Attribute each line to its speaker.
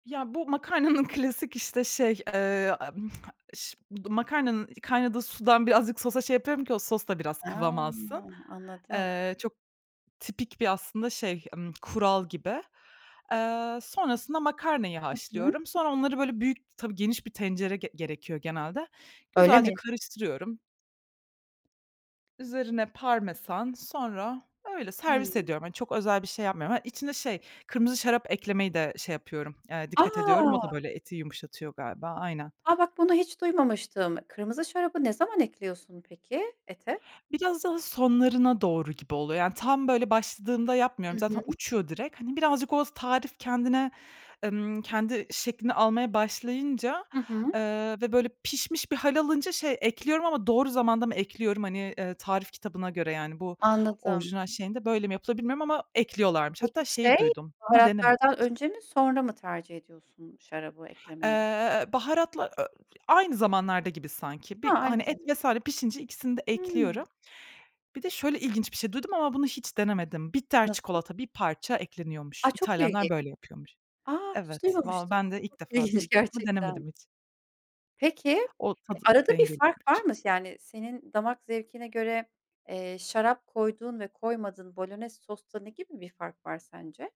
Speaker 1: Ya, bu makarnanın klasik işte şey, eee, m ş makarnanın kaynadığı sudan, birazcık sosa şey yapıyorum ki, o sos da biraz kıvam alsın.
Speaker 2: He, anladım.
Speaker 1: Eee, çok tipik bir aslında şey, ımm, kural gibi. Eee, sonrasında makarnayı
Speaker 2: Hı hı.
Speaker 1: haşlıyorum. Sonra onları böyle büyük tabii geniş bir tencere ge gerekiyor genelde.
Speaker 2: Öyle
Speaker 1: Güzelce
Speaker 2: mi?
Speaker 1: karıştırıyorum. Üzerine parmesan, sonra, öyle servis
Speaker 2: Hımm.
Speaker 1: ediyorum. Hani, çok özel bir şey yapmıyorum. Hani, içine şey, kırmızı şarap eklemeyi de şey yapıyorum, eee,
Speaker 2: A!
Speaker 1: dikkat ediyorum. O da böyle, eti yumuşatıyor galiba. Aynen.
Speaker 2: A! Bak bunu hiç duymamıştım, kırmızı şarabı ne zaman ekliyorsun peki ete?
Speaker 1: Biraz daha sonlarına doğru gibi oluyor. Yani tam böyle, başladığında yapmıyorum,
Speaker 2: Hı
Speaker 1: zaten
Speaker 2: hı.
Speaker 1: uçuyor direkt. Hani birazcık, o tarif kendine, emm, kendi şeklini almaya başlayınca,
Speaker 2: Hı hı.
Speaker 1: eee, ve böyle pişmiş bir hâl alınca şey, ekliyorum ama doğru zamanda mı ekliyorum hani, eee, tarif kitabına göre yani, bu
Speaker 2: Anladım.
Speaker 1: orijinal şeyinde böyle mi yapılır bilmiyorum ama ekliyorlarmış.
Speaker 2: Peki,
Speaker 1: Hatta şeyi
Speaker 2: şey,
Speaker 1: duydum ama denemedim
Speaker 2: baharatlardan
Speaker 1: hiç.
Speaker 2: önce mi, sonra mı tercih ediyorsun, şarabı eklemeyi?
Speaker 1: Eee, baharatla ö i aynı zamanlarda gibi sanki. Bir
Speaker 2: Ha,
Speaker 1: hani
Speaker 2: aynı
Speaker 1: et vs.
Speaker 2: zamanda.
Speaker 1: pişince ikisini de ekliyorum.
Speaker 2: Hımm.
Speaker 1: Bir de, şöyle ilginç bir şey duydum, ama bunu hiç denemedim. Bitter
Speaker 2: Nasıl?
Speaker 1: çikolata, bir parça ekleniyormuş.
Speaker 2: A! Çok
Speaker 1: İtalyanlar
Speaker 2: ilginç.
Speaker 1: böyle yapıyormuş.
Speaker 2: A! Hiç
Speaker 1: Evet, vallahi
Speaker 2: duymamıştım.
Speaker 1: ben de
Speaker 2: Çok
Speaker 1: ilk defa
Speaker 2: ilginç
Speaker 1: duydum ama
Speaker 2: gerçekten.
Speaker 1: denemedim hiç.
Speaker 2: Peki,
Speaker 1: O, tadı
Speaker 2: arada bir fark var
Speaker 1: dengeliyormuş.
Speaker 2: mı? Yani, senin damak zevkine göre, eee, şarap koyduğun ve koymadığın bolonez sosta, ne gibi bir fark var sence?